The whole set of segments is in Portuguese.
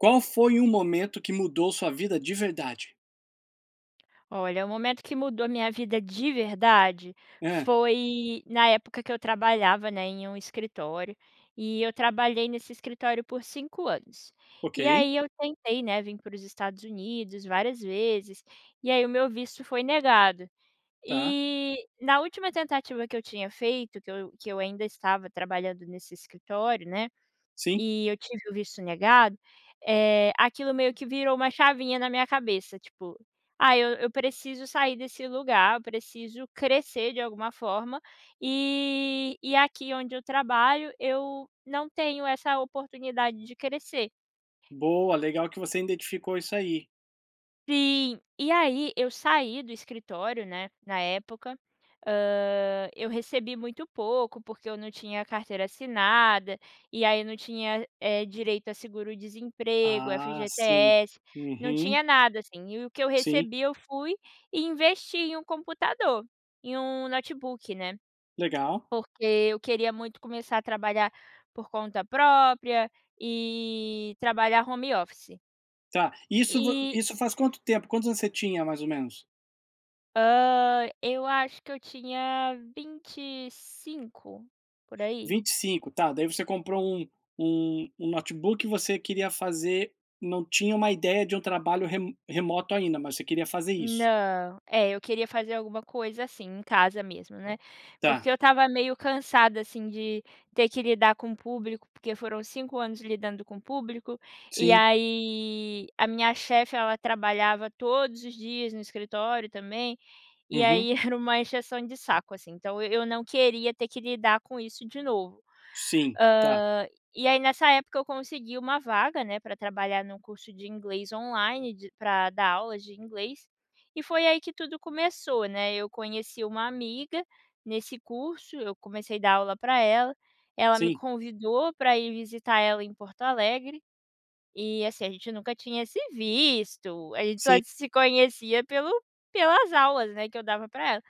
Qual foi o momento que mudou sua vida de verdade? Olha, o momento que mudou a minha vida de verdade, Hã. foi na época que eu trabalhava, né, em um escritório. E eu trabalhei nesse escritório por 5 anos. E Ok. aí eu tentei, né, vim pros Estados Unidos várias vezes e aí o meu visto foi negado. Tá. E, na última tentativa que eu tinha feito, que eu que eu ainda estava trabalhando nesse escritório, né, Sim. e eu tive o visto negado. Eh, aquilo meio que virou uma chavinha na minha cabeça, tipo, ah, eu eu preciso sair desse lugar, eu preciso crescer de alguma forma, e e aqui onde eu trabalho eu não tenho essa oportunidade de crescer. Boa, legal que você identificou isso aí. Sim, e aí, eu saí do escritório, né, na época, hã, eu recebi muito pouco porque eu num tinha carteira assinada, e aí eu num tinha, eh, direito a seguro desemprego, Ah sim, FGTS, não uhum. tinha nada assim. E o que eu Sim. recebi eu fui e investi em um computador, em um notebook, né, Legal. porque eu queria muito começar a trabalhar por conta própria e trabalhar home office. Tá isso vo E. isso faz quanto tempo? Quantos você tinha mais ou menos? Hã, eu acho que eu tinha 25, por aí. 25, tá, daí você comprou um um um notebook você queria fazer não tinha uma ideia de um trabalho re remoto ainda, mas você queria fazer isso. Não, é, eu queria fazer alguma coisa, assim, em casa mesmo, né? Tá. Porque eu estava meio cansada, assim, de ter que lidar com público, porque foram 5 anos lidando com público. E Sim. aí, a minha chefe ela trabalhava todos os dias no escritório também. E Uhum. aí era uma encheção de saco assim, então eu eu não queria ter que lidar com isso de novo. Hã. Sim, tá. E aí nessa época eu consegui uma vaga, né, pra trabalhar num curso de inglês online, de pra dar aulas de inglês. E foi aí que tudo começou, né. Eu conheci uma amiga nesse curso, eu comecei dar aula pra ela, ela me Sim. convidou pra ir visitar ela em Porto Alegre. E assim, a gente nunca tinha se visto, a gente só Sim. se conhecia pelo pelas aulas, né, que eu dava pra ela.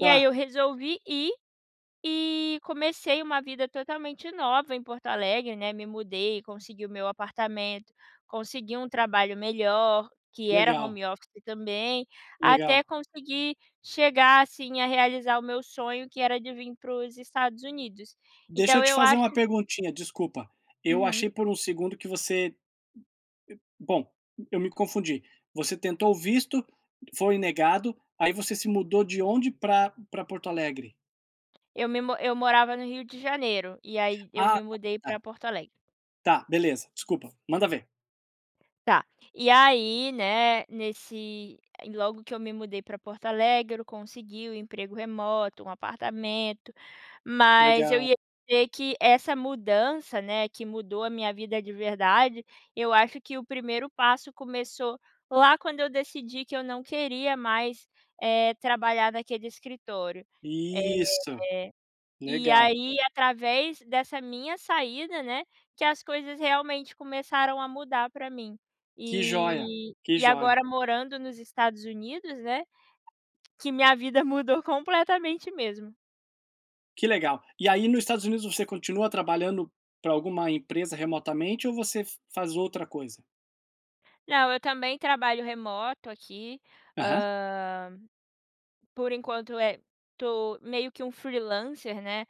E aí eu Tá. resolvi ir e comecei uma vida totalmente nova em Porto Alegre, né, me mudei e consegui o meu apartamento, consegui um trabalho melhor que era Legal. home office também. Legal. Até consegui chegar, assim, a realizar o meu sonho, que era de vim para os Estados Unidos. Deixa eu Então te eu fazer acho uma perguntinha, desculpa. Eu Uhum. achei por um segundo que você e bom, eu me confundi, você tentou o visto, foi negado, aí você se mudou de onde pra pra Porto Alegre? Eu me mu eu morava no Rio de Janeiro, e aí eu Ah, me tá mudei pra tá. Porto Alegre. Tá, beleza, desculpa, manda ver. Tá, e aí né, nesse ai logo que eu me mudei pra Porto Alegre eu consegui o emprego remoto, um apartamento, mas eu Legal. ia dizer que essa mudança, né, que mudou a minha vida de verdade. Eu acho que o primeiro passo, começou lá quando eu decidi que eu não queria mais, eh, trabalhar naquele escritório, eh Isso, E legal. aí através dessa minha saída, né, que as coisas realmente começaram a mudar pra mim, Que jóia, e que e jóia. agora morando nos Estados Unidos, né, que minha vida mudou completamente mesmo. Que legal, e aí no Estados Unidos você continua trabalhando pra alguma empresa remotamente ou você fa faz outra coisa? Não, eu também trabalho remoto aqui, Uhum. hã, por enquanto é tô meio que um freelancer, né,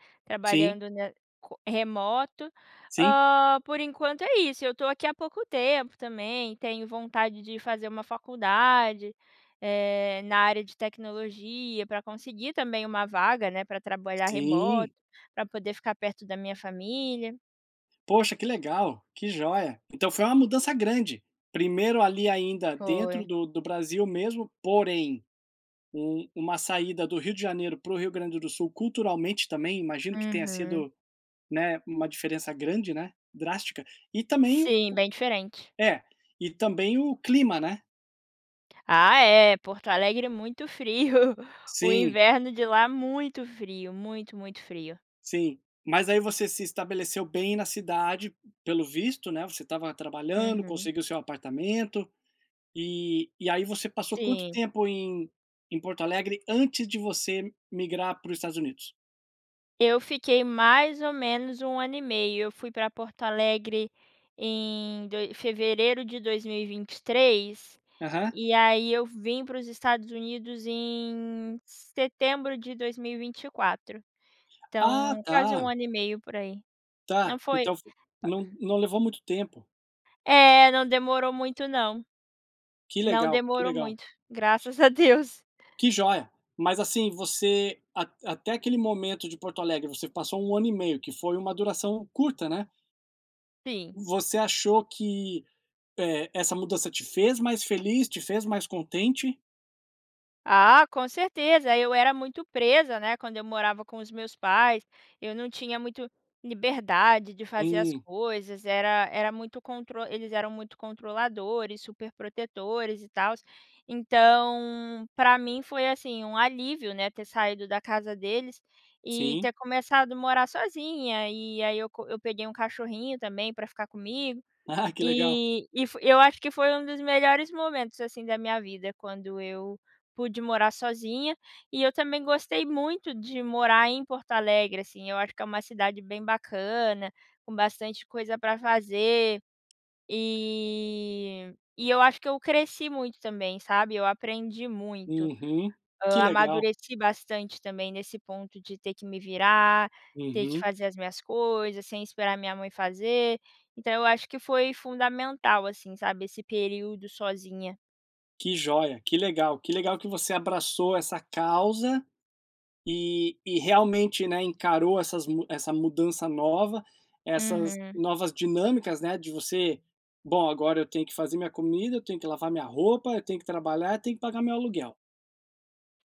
Sim. trabalhando, né, co remoto, Sim. hã, por enquanto é isso. Eu estou aqui há pouco tempo também, tenho vontade de fazer uma faculdade, eh, na área de tecnologia pra conseguir também uma vaga, né, pra trabalhar remoto, Sim. pra poder ficar perto da minha família. Poxa, que legal, que jóia. Então foi uma mudança grande, primeiro ali ainda dentro Foi. do do Brasil mesmo, porém um uma saída do Rio de Janeiro para o Rio Grande do Sul, culturalmente também imagino que tenha Uhum. sido, né, uma diferença grande né, drástica e também o Sim, bem diferente. É, e também o clima, né. Ah é, Porto Alegre é muito frio, o Sim. inverno de lá é muito frio, muito muito frio. Sim, mas aí você se estabeleceu bem na cidade, pelo visto, né, você estava trabalhando, Uhum. conseguiu seu apartamento. E e aí você passou quanto Sim. tempo em em Porto Alegre, antes de você migrar para o Estados Unidos? Eu fiquei, mais ou menos, 1 ano e meio. Eu fui para Porto Alegre em doi fevereiro de 2023, Aham. e aí eu vim para os Estados Unidos em setembro de 2024. Ah, Então quase 1 tá. ano e meio, por aí. Não Tá, foi então fo [unintelligible] não não levou muito tempo. É, não demorou muito não. Que Não legal, que demorou legal. muito, graças a Deus. Que joia. Mas assim, você at até aquele momento de Porto Alegre, você passou um ano e meio, que foi uma duração curta, né? Sim. Você achou que, eh, essa mudança te fez mais feliz? Te fez mais contente? Ah, com certeza. Eu era muito presa, né, quando eu morava com os meus pais. Eu não tinha muito liberdade de fazer as Hum. coisas, era era muito contro eles eram muito controladores, superprotetores e tals. Então, pra mim foi assim um alívio, né, ter saído da casa deles, e Sim. ter começado morar sozinha. E aí eu co eu peguei um cachorrinho também pra ficar comigo. Que legal. E e fo eu acho que foi dos melhores momentos, assim, da minha vida, quando eu pude morar sozinha. E eu também gostei muito de morar em Porto Alegre, assim, eu acho que é uma cidade bem bacana, com bastante coisa pra fazer. E e eu acho que eu cresci muito também, sabe, eu aprendi muito. Uhum. Que Hã, legal. amadureci bastante também nesse ponto, de ter que me virar, ter que Uhum. fazer as minhas coisas, sem esperar minha mãe fazer. Então eu acho que foi fundamental, assim, sabe, esse período sozinha. Que joia, que legal. Que legal que você abraçou essa causa e e realmente, né, encarou essas mu essa mudança nova. Essas Uhum. novas dinâmicas, né, de você, bom, agora eu tenho que fazer minha comida, eu tenho que lavar a minha roupa, eu tenho que trabalhar, eu tenho que pagar o meu aluguel.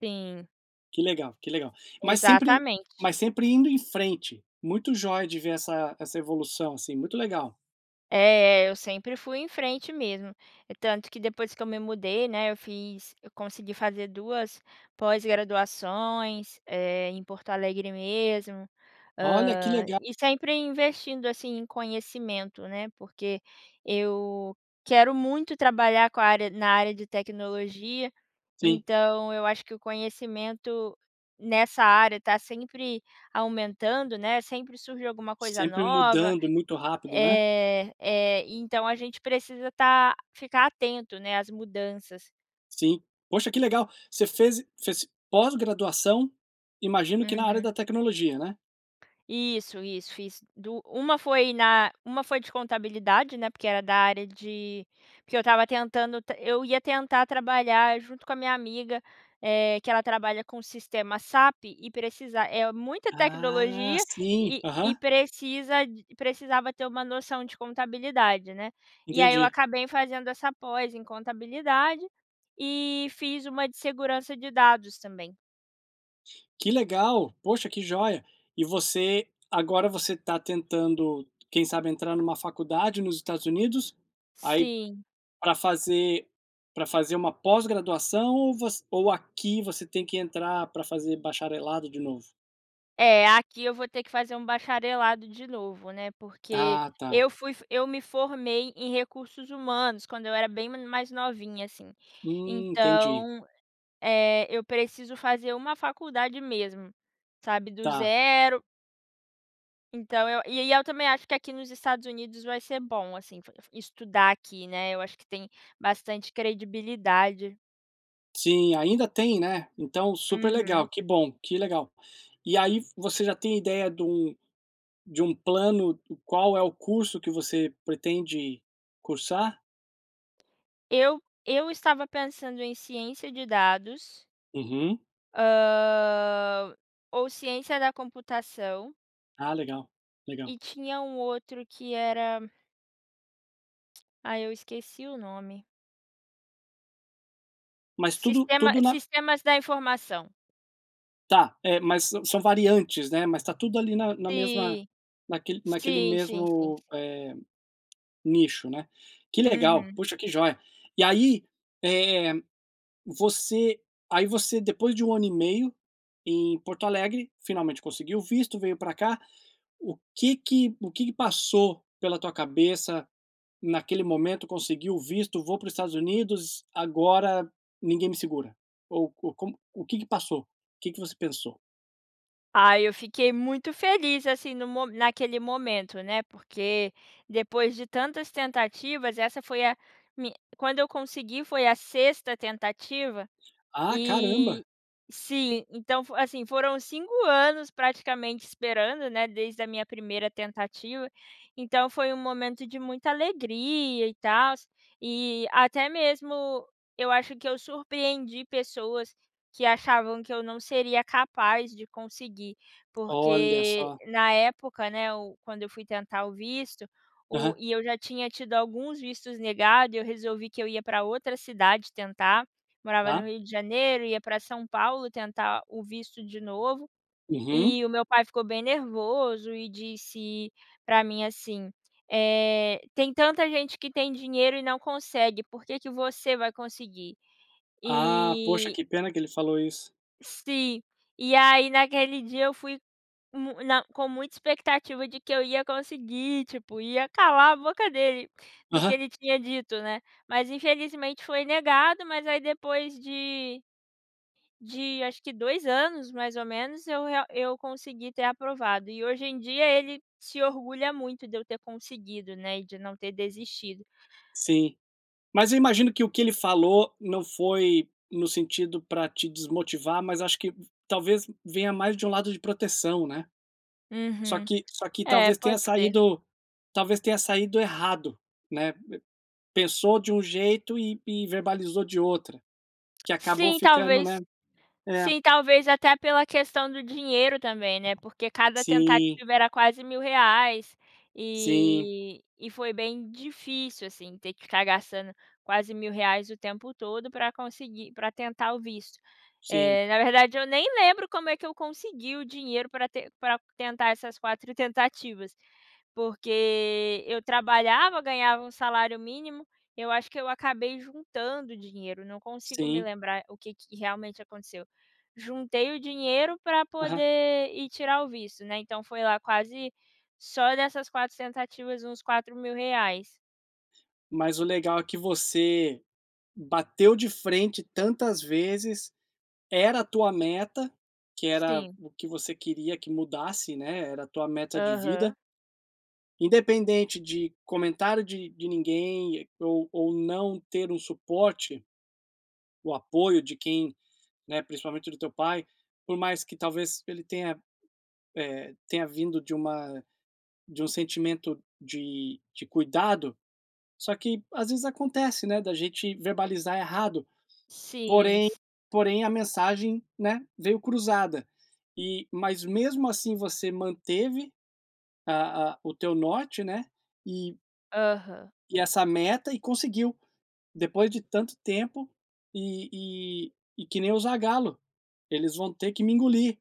Sim. Que legal, que legal. Mas sempre Exatamente. mas sempre indo em frente. Muito joia de ver essa essa evolução assim, muito legal. É, é, eu sempre fui em frente mesmo. Tanto que depois que eu me mudei, né, eu fiz eu consegui fazer duas pós-graduações, eh, em Porto Alegre mesmo. Olha, que Hã, legal. e sempre investindo, assim, em conhecimento, né, porque eu quero muito trabalhar com a área na área de tecnologia. Sim. Então eu acho que o conhecimento nessa área tá sempre aumentando, né, sempre surge alguma coisa Sempre nova. mudando muito rápido, né. É, é, então a gente precisa tá ficar atento, né, às mudanças. Sim, poxa que legal, você fez fez pós graduação, imagino que na área Uhum. da tecnologia, né? Isso, isso, fiz dua uma foi na uma foi de contabilidade, né, porque era da área de porque eu estava tentando eu ia tentar trabalhar junto com a minha amiga, eh, que ela trabalha com sistema SAP e precisa é muita Ah tecnologia, sim. e e Aham. precisa, d precisava ter uma noção de contabilidade, né. E aí eu Entendi. acabei fazendo essa pós em contabilidade e fiz uma de segurança de dados também. Que legal, poxa que jóia. E você agora você tá tentando quem sabe entrar numa faculdade nos Estados Unidos, aí Sim. pra fazer pra fazer uma pós-graduação? Ou vo ou aqui você tem que entrar pra fazer bacharelado de novo? É, aqui eu vou ter que fazer um bacharelado de novo, né, porque Ah tá. eu fui eu me formei em recursos humanos, quando eu era bem mai mais novinha assim, Hum. Entendi. então, eh, eu preciso fazer uma faculdade mesmo, sabe, do Tá. 0 então eu e aí eu também acho que aqui nos Estados Unidos vai ser bom assim, fo f estudar aqui, né. Eu acho que tem bastante credibilidade. Sim, ainda tem, né? Então super Uhum. legal, que bom, que legal. E aí você já tem a ideia de um de um plano, qual é o curso que você pretende cursar? Eu eu estava pensando em ciência de dados. Uhum. Hã, ou ciência da computação. Ah legal, legal. E tinha um outro que era ai, eu esqueci o nome. Mas tudo Sistema tudo na sistemas da informação. Tá, eh, mas sã são variantes, né? Mas está tudo ali na na mesma, Sim. naquele naquele Sim, sim, sim, mesmo, sim. eh, nicho, né. Que legal, Uhum. puxa que joia. E aí, eh, você aí você depois de 1 ano e meio em Porto Alegre, finalmente conseguiu o visto, veio pra cá, o que que o que que passou pela tua cabeça naquele momento, conseguiu o visto vou para o Estados Unidos, agora ninguém me segura? Ou co como o que que passou? O que que você pensou? Ai eu fiquei muito feliz, assim, no mo naquele momento, né, porque depois de tantas tentativas essa foi a me quando eu consegui foi a sexta tentativa Ah caramba. e, sim, então, assim, foram 5 anos praticamente esperando, né, desde a minha primeira tentativa. Então foi um momento de muita alegria, e tals, e até mesmo eu acho que eu surpreendi pessoas que achavam que eu não seria capaz de conseguir, Olha porque só. na época, né, hum, quando eu fui tentar o visto, o Aham. e eu já tinha tido alguns vistos negado, e eu resolvi que eu ia pra outra cidade tentar, morava no Tá. Rio de Janeiro, ia pra São Paulo tentar o visto de novo, Uhum. e o meu pai ficou bem nervoso e disse pra mim assim, eh, "Tem tanta gente que tem dinheiro e não consegue, por que que você vai conseguir?" Ah, poxa E que pena que ele falou isso. sim, e aí naquele dia eu fui mu na com muita expectativa de que eu ia conseguir, tipo, ia calar a boca dele, do que Aham. ele tinha dito, né, mas infelizmente foi negado, mas aí depois de de acho que 2 anos, mais ou menos, eu real eu consegui ter aprovado e hoje em dia ele se orgulha muito de eu ter conseguido, né, e de não ter desistido. Sim, mas eu imagino que o que ele falou, não foi no sentido para te desmotivar mas acho que talvez venha mais de um lado de proteção, né? Só Uhum. que só que É, talvez tenha pode ser. saído talvez tenha saído errado, né. Pensou de um jeito e e verbalizou de outro, que acabou Sim, ficando, talvez né, é. sim, talvez até pela questão do dinheiro também, né, porque cada Sim. tentativa era quase R$ 1.000,00, Sim. e e foi bem difícil, assim, ter que ficar gastando quase R$ 1.000,00 o tempo todo para conseguir para tentar o visto, Sim. eh, na verdade eu nem lembro como é que eu consegui o dinheiro pra ten pra tentar essas 4 tentativas. Porque eu trabalhava, ganhava 1 salário mínimo, eu acho que eu acabei juntando dinheiro, não consigo me Sim. lembrar o que que realmente aconteceu. Juntei o dinheiro para Aham. poder ir tirar o visto, né, então foi lá quase só dessas 4 tentativas uns R$ 4.000,00 Mas o legal é que você bateu de frente tantas vezes, era a tua meta, que era Sim. o que você queria que mudasse, né, era a tua meta de Aham. vida independente de comentário de de ninguém, ou ou não ter um suporte o apoio de quem, né, principalmente do teu pai, por mais que talvez ele tenha, eh, tenha vindo de uma de um sentimento de de cuidado, só que às vezes acontece, né, da gente verbalizar errado. Sim, Porém si porém a mensagem, né, veio cruzada e mas mesmo assim você manteve, a a o teu norte, né, e Aham. e essa meta e conseguiu. Depois de tanto tempo, e e e que nem o Zagallo: "eles vão ter que me engolir!".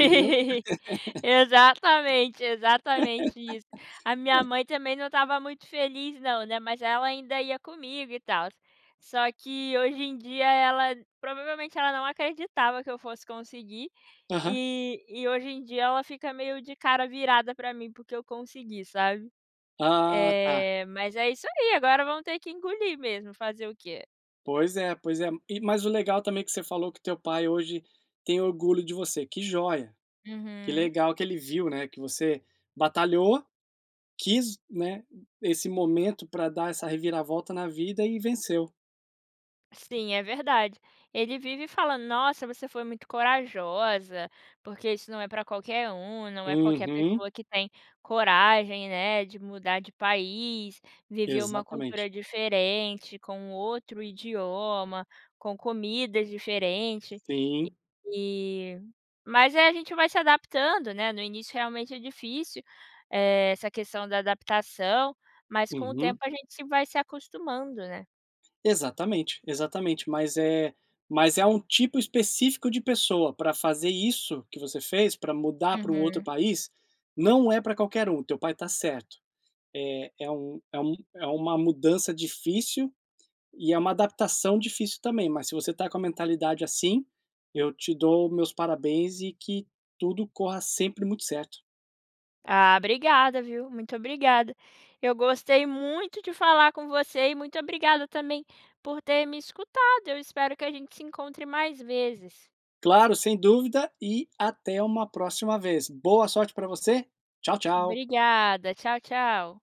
Entendeu? Exatamente, exatamente isso. A minha mãe também não estava muito feliz não né, mas ela ainda ia comigo e tals. Só que hoje em dia ela, provavelmente ela não acreditava que eu fosse conseguir, Aham. e e hoje em dia ela fica meio de cara virada pra mim porque eu consegui, sabe? Ah, tá. Eh, mas é isso aí, agora vão ter que engolir mesmo, fazer o quê? Pois é, pois é. E, mas o legal também que você falou que teu pai hoje tem orgulho de você, que joia! Que Uhum. legal que ele viu, né, que você batalhou, quis, né, esse momento pra dar essa reviravolta na vida, e venceu. Sim, é verdade. Ele vive falando: "Nossa, você foi muito corajosa, porque isso não é pra qualquer um, não é qualquer Uhum. pessoa que tem coragem, né, de mudar de país, viver uma Exatamente. cultura diferente, com outro idioma, com comidas diferente". Sim. E mas é, a gente vai se adaptando, né, no início realmente é difícil, eh, essa questão da adaptação, mas com o tempo Uhum. a gente se vai se acostumando, né. Exatamente, exatamente. Mas é mas é um tipo específico de pessoa pra fazer isso que você fez, pra mudar pra um outro Uhum. país, não é pra qualquer um, teu pai está certo. É é um é um é uma mudança difícil e é uma adaptação difícil também, mas se você está com a mentalidade assim, eu te dou os meus parabéns e que tudo corra sempre muito certo. Ah, obrigada viu, muito obrigada. Eu gostei muito de falar com você e muito obrigada também por ter me escutado, eu espero que a gente se encontre mais vezes. Claro, sem dúvida e até uma próxima vez. Boa sorte pra você. Tchau, tchau. Obrigada. Tchau, tchau.